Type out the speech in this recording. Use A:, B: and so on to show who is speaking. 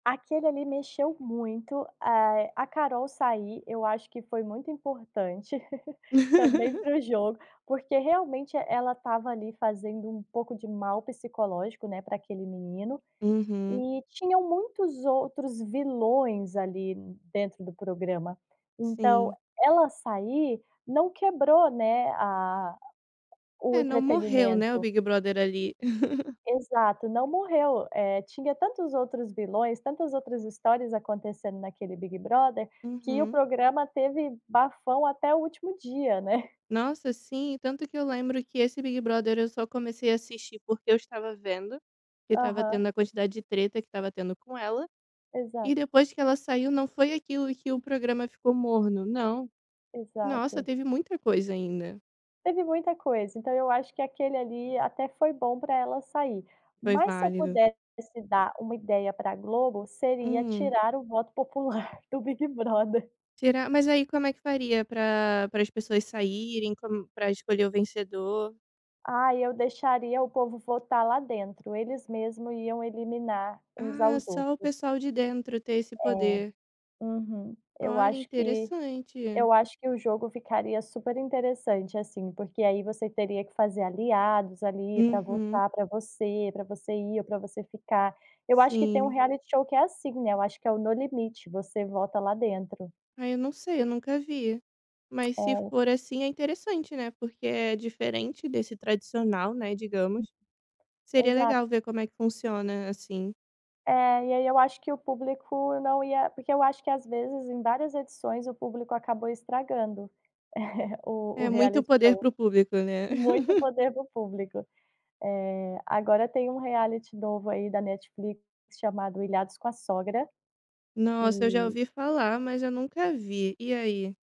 A: Aquele ali mexeu muito. Eh, a Carol sair, eu acho que foi muito importante também pro jogo. Porque realmente ela estava ali fazendo um pouco de mal psicológico, né, pra aquele menino.
B: Uhum.
A: E tinham muitos outros vilões ali dentro do programa. Então,
B: Sim.
A: ela sair não quebrou, né, a o
B: É, não morreu, né, o
A: entretenimento.
B: Big Brother ali.
A: Exato, não morreu. Eh, tinha tantos outros vilões, tantas outras histórias acontecendo naquele Big Brother, que o
B: Uhum.
A: programa teve bafão até o último dia, né.
B: Nossa, sim. Tanto que eu lembro que esse Big Brother eu só comecei a assistir, porque eu estava vendo que estava
A: Aham.
B: tendo a quantidade de treta que estava tendo com ela. E,
A: Exato.
B: depois que ela saiu, não foi aquilo que o programa ficou morno, não. Nossa,
A: Exato.
B: teve muita coisa ainda.
A: Teve muita coisa. Então eu acho que aquele ali até foi bom para ela sair.
B: Foi
A: Mas, se eu
B: válido.
A: pudesse dar uma ideia para Globo, seria
B: Hum?
A: tirar o voto popular do Big Brother.
B: Tirar? Mas aí como é que faria pra pra as pessoas saírem, como para escolher o vencedor?
A: Ah, eu deixaria o povo votar lá dentro. Eles mesmo iam eliminar uns
B: Ah,
A: aos
B: só o
A: outros.
B: pessoal de dentro tem esse
A: É,
B: poder.
A: uhum. Eu
B: Olha,
A: acho que
B: interessante.
A: eu acho que o jogo ficaria superinteressante, assim, porque aí você teria que fazer aliados ali pra
B: Uhum.
A: votar pra você, pra você ir ou pra você ficar. Eu acho que tem um
B: Sim.
A: reality show que é assim, né? Eu acho que é o No Limite. Você volta lá pra dentro.
B: Ai, eu não sei. Eu nunca vi, mas se
A: É.
B: for assim é interessante, né, porque é diferente desse tradicional, né,
A: Hum.
B: digamos. Seria
A: Exato.
B: legal ver como é que funciona assim.
A: É, e aí eu acho que o público não ia porque eu acho que, às vezes, em várias edições, o público acabou estragando o o
B: É muito
A: reality
B: poder para
A: show.
B: o público, né.
A: Muito poder do público. Eh, agora tem um reality novo aí da Netflix chamado Ilhados com a Sogra.
B: Nossa, eu já
A: E
B: ouvi falar, mas eu nunca vi. E aí?